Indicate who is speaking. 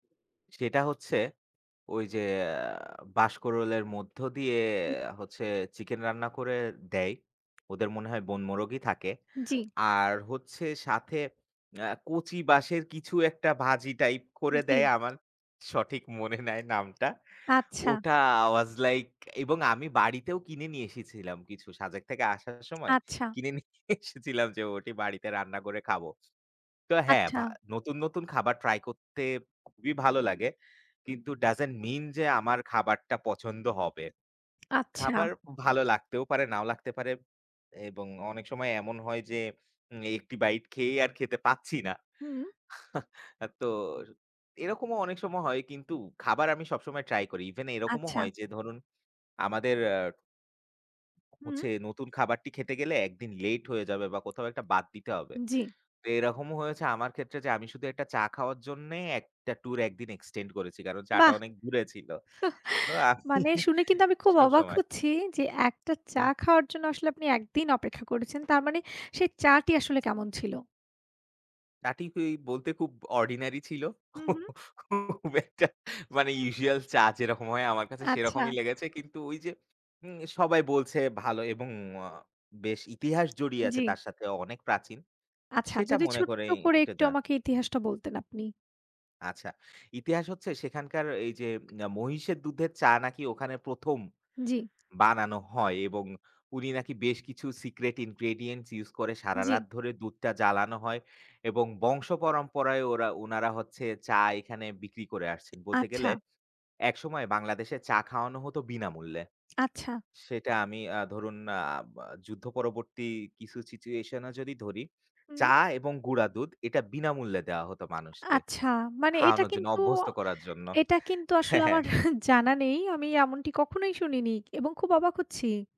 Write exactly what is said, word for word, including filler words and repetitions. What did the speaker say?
Speaker 1: সেটা হচ্ছে ওই যে বাঁশরোলের মধ্য দিয়ে
Speaker 2: হুম।
Speaker 1: হচ্ছে চিকেন রান্না করে দেয়। ওদের মনে হয় বনমোরগই থাকে।
Speaker 2: জ্বি।
Speaker 1: আর হচ্ছে সাথে কচি বাঁশের কিছু একটা ভাজি টাইপ করে
Speaker 2: জ্বী।
Speaker 1: দেয় আমার সঠিক মনে নাই নামটা।
Speaker 2: আচ্ছা।
Speaker 1: ওটা ওয়াস লাইক এবং আমি বাড়িতেও কিনে নিয়ে এসেছিলাম কিছু সাজেক থেকে আসার সময়
Speaker 2: আচ্ছা।
Speaker 1: কিনে নিয়ে এসেছিলাম যে, ওটি বাড়িতে রান্না করে খাবো। তো হ্যাঁ,
Speaker 2: আচ্ছা।
Speaker 1: নতুন, নতুন খাবার ট্রাই করতে খুবই ভালো লাগে। কিন্তু ডাসেন্ট মিন যে, আমার খাবারটা পছন্দ হবে।
Speaker 2: আচ্ছা।
Speaker 1: খাবার ভালো লাগতেও পারে, নাও লাগতে পারে। এবং অনেক সময় এমন হয় যে, উম এক টি বাইট খেয়েই আর খেতে পাচ্ছি না।
Speaker 2: হু।
Speaker 1: তো এরকমও অনেক সময় হয় কিন্তু খাবার আমি সবসময় ট্রাই করি। ইভেন এরকমও
Speaker 2: আচ্ছা।
Speaker 1: হয় যে ধরুন আমাদের আ
Speaker 2: হু।
Speaker 1: হচ্ছে নতুন খাবারটি খেতে গেলে এক দিন লেট হয়ে যাবে বা কোথাও একটা বাদ দিতে হবে।
Speaker 2: জ্বি।
Speaker 1: তো এরকমও হয়েছে আমার ক্ষেত্রে যে, আমি শুধু এক টা চা খাওয়ার জন্য এক টা ট্যুর এক দিন এক্সটেন্ড করেছি কারণ চা টা
Speaker 2: বাহ!
Speaker 1: অনেক দূরে ছিল। তো আমি
Speaker 2: মানে শুনে কিন্তু আমি খুব অবাক
Speaker 1: সবসময়
Speaker 2: হচ্ছি যে, এক টা চা
Speaker 1: হুম।
Speaker 2: খাওয়ার জন্য আসলে আপনি এক দিন অপেক্ষা করেছেন। তার মানে সেই চাটি আসলে কেমন ছিল?
Speaker 1: তা ঠিক বলতে খুব অর্ডিনারি ছিল।
Speaker 2: হু, হু।
Speaker 1: খুব একটা মানে ইউজুয়াল চা যেরকম হয় আমার কাছে সেরকমই
Speaker 2: আচ্ছা।
Speaker 1: লেগেছে। কিন্তু ওই যে, সবাই বলছে ভালো এবং আ বেশ ইতিহাস জড়িয়ে আছে
Speaker 2: জ্বি।
Speaker 1: তার সাথে অনেক প্রাচীন।
Speaker 2: আচ্ছা
Speaker 1: সেটা
Speaker 2: যদি
Speaker 1: মনে
Speaker 2: ছোট্ট
Speaker 1: করেই
Speaker 2: করে
Speaker 1: একটা
Speaker 2: একটু
Speaker 1: যাওয়া
Speaker 2: আমাকে ইতিহাসটা বলতেন আপনি।
Speaker 1: আচ্ছা, ইতিহাস হচ্ছে সেখানকার এই যে মহিষের দুধের চা নাকি ওখানে প্রথম
Speaker 2: জ্বি।
Speaker 1: বানানো হয় এবং উনি নাকি বেশ কিছু সিক্রেট ইনগ্রেডিয়েন্টস ইউজ করে
Speaker 2: জ্বী।
Speaker 1: সারারাত ধরে দুধটা জ্বালানো হয় এবং বংশ পরম্পরায় ওরা, উনারা হচ্ছে, চা এখানে বিক্রি করে আসছেন। বলতে গেলে
Speaker 2: আচ্ছা।
Speaker 1: একসময় বাংলাদেশে চা খাওয়ানো হত বিনামূল্যে।
Speaker 2: আচ্ছা।
Speaker 1: সেটা আমি ধরুন আ আ যুদ্ধ পরবর্তী কিছু সিচুয়েশন এ যদি ধরি চা
Speaker 2: হু।
Speaker 1: এবং গুঁড়া দুধ এটা বিনামূল্যে দেওয়া হত মানুষকে
Speaker 2: আচ্ছা মানে এটা
Speaker 1: খাওয়ানোর জন্য
Speaker 2: কিন্তু,
Speaker 1: অভ্যস্ত করার জন্য।
Speaker 2: এটা কিন্তু আসলে
Speaker 1: হ্যাঁ,
Speaker 2: আমার
Speaker 1: হ্যাঁ।
Speaker 2: জানা নেই। আমি এমনটি কখনোই শুনিনি এবং খুব অবাক হচ্ছি।